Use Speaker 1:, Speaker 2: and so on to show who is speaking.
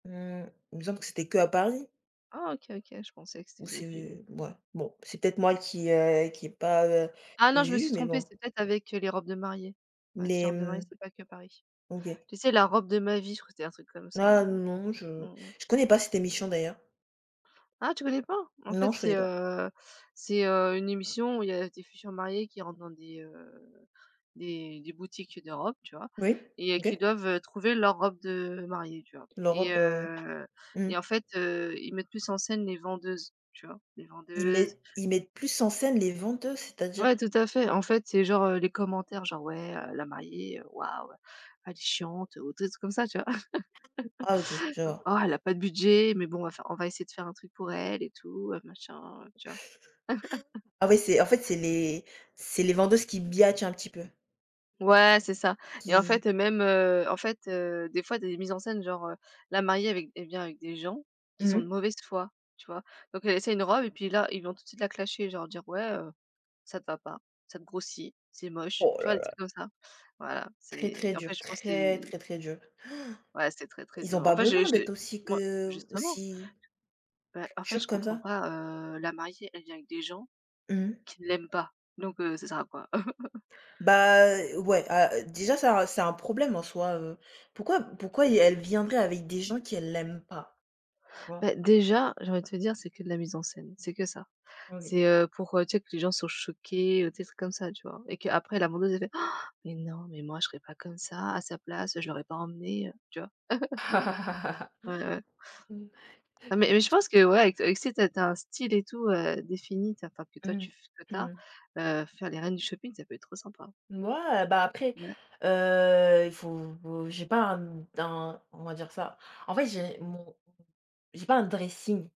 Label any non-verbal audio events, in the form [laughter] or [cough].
Speaker 1: Mmh, il me semble que c'était qu'à Paris?
Speaker 2: Oh, OK, OK, je pensais que c'était
Speaker 1: Ou
Speaker 2: d'autres villes.
Speaker 1: c'est b ouais. Bon, c'est peut-être moi qui, heu, qui ai pas, heu,
Speaker 2: Ah non, je me suis
Speaker 1: vu, mais
Speaker 2: trompée,
Speaker 1: bon.
Speaker 2: c'était peut-être avec, heu, les robes de mariée.
Speaker 1: M
Speaker 2: Ouais, c'est les
Speaker 1: les,
Speaker 2: robes de mariée,
Speaker 1: hem,
Speaker 2: c'était pas que Paris.
Speaker 1: OK.
Speaker 2: Tu sais? La robe de ma vie, je crois c'était un truc comme ça
Speaker 1: Ah
Speaker 2: là,
Speaker 1: non,
Speaker 2: mmh
Speaker 1: je
Speaker 2: mh.
Speaker 1: je connais pas cette émission d'ailleurs.
Speaker 2: Ah, tu connais pas? En fait,
Speaker 1: Non, je
Speaker 2: c'est,
Speaker 1: connais pas.
Speaker 2: heu c'est, heu, une émission où il y a des futures mariées qui rentrent dans des, heu, des des boutiques de robes, tu vois?
Speaker 1: Oui,
Speaker 2: Et heu, qui
Speaker 1: OK.
Speaker 2: doivent, heu, trouver leur robe de mariée, tu vois?
Speaker 1: Leurs
Speaker 2: Et
Speaker 1: robes, heu.
Speaker 2: heu
Speaker 1: Mmh.
Speaker 2: et en fait, heu, ils mettent plus en scène les vendeuses, tu vois? Les
Speaker 1: Ils
Speaker 2: vendeuses
Speaker 1: mettent ils mettent plus en scène les vendeuses, c'est-à-dire?
Speaker 2: Ouais, tout à fait, en fait, c'est genre, heu, les commentaires genre: «Ouais, heu, la mariée, heu, waouh, elle est chiante», ou tu sais des trucs comme ça, tu vois?
Speaker 1: Ah OK, je
Speaker 2: [laughs]
Speaker 1: vois.
Speaker 2: «Oh, elle a pas de budget, mais bon, on va faire on va essayer de faire un truc pour elle et tout, heu, machin, heu», tu vois? [laughs]
Speaker 1: [unintelligible] Ah ouais, c'est en fait, c'est les c'est les vendeuses qui biatchent un petit peu.
Speaker 2: Ouais, c'est ça. Et en
Speaker 1: Qui
Speaker 2: fait, même, heu, en fait, heu, des fois, des mises en scène genre, heu, la mariée avec elle vient avec des gens qui
Speaker 1: Mmh
Speaker 2: sont de
Speaker 1: mh.
Speaker 2: mauvaise foi, tu vois? Donc elle essaye une robe et puis là, ils vont tout de suite la clasher genre dire: «Ouais, heu, ça te va pas, ça te grossit, c'est moche».
Speaker 1: Oh
Speaker 2: Tu vois,
Speaker 1: là
Speaker 2: des
Speaker 1: là!
Speaker 2: trucs comme ça. Voilà,
Speaker 1: Très, très
Speaker 2: c'est en fait,
Speaker 1: dur,
Speaker 2: je pense
Speaker 1: très,
Speaker 2: c'est
Speaker 1: très, très dur!
Speaker 2: Ouais c'est très,
Speaker 1: [gasps]
Speaker 2: très
Speaker 1: Ils
Speaker 2: dur.
Speaker 1: ont
Speaker 2: En
Speaker 1: pas
Speaker 2: fait, je
Speaker 1: besoin
Speaker 2: je
Speaker 1: d'être aussi
Speaker 2: moi
Speaker 1: que
Speaker 2: justement!
Speaker 1: aussi
Speaker 2: Beh, en fait,
Speaker 1: Jure,
Speaker 2: je
Speaker 1: comme
Speaker 2: comprends
Speaker 1: ça.
Speaker 2: pas, heu, la mariée, elle vient avec des gens
Speaker 1: Mmh.
Speaker 2: qui ne l'aiment pas, donc, heu, ça sert à quoi? [laughs]
Speaker 1: Bah, heu, ouais, a heu, déjà ça un c'est un problème en soi, heu. Pourquoi pourquoi y elle viendrait avec des gens qu'elle l'aime pas, tu vois?
Speaker 2: Beh, déjà, j'ai envie de te dire, c'est que de la mise en scène, c'est que ça.
Speaker 1: OK.
Speaker 2: C'est, heu, pour, heu, tu sais que les gens soient choqués, heu, des trucs comme ça, tu vois? Et qu'après la vendeuse, elle fait: «Han! Mais non, mais moi je serais pas comme ça à sa place, je l'aurais pas emmené, heu», tu vois? [chuckles] Ouais, ouais.
Speaker 1: [laughs]
Speaker 2: Ah, mais mais je
Speaker 1: [unintelligible]
Speaker 2: pense que, ouais, avec t avec si tu as tu as un style et tout, heu, défini, tu as enfin que toi
Speaker 1: Mmh,
Speaker 2: tu f que tu
Speaker 1: mmh
Speaker 2: as,
Speaker 1: mh.
Speaker 2: heu, faire les Reines du Shopping, ça peut être trop sympa.
Speaker 1: Ouais, bah, après,
Speaker 2: Ouais.
Speaker 1: heu, il faut vou j'ai pas un, hem, un, on va dire ça. En fait, j'ai mon j'ai pas un dressing.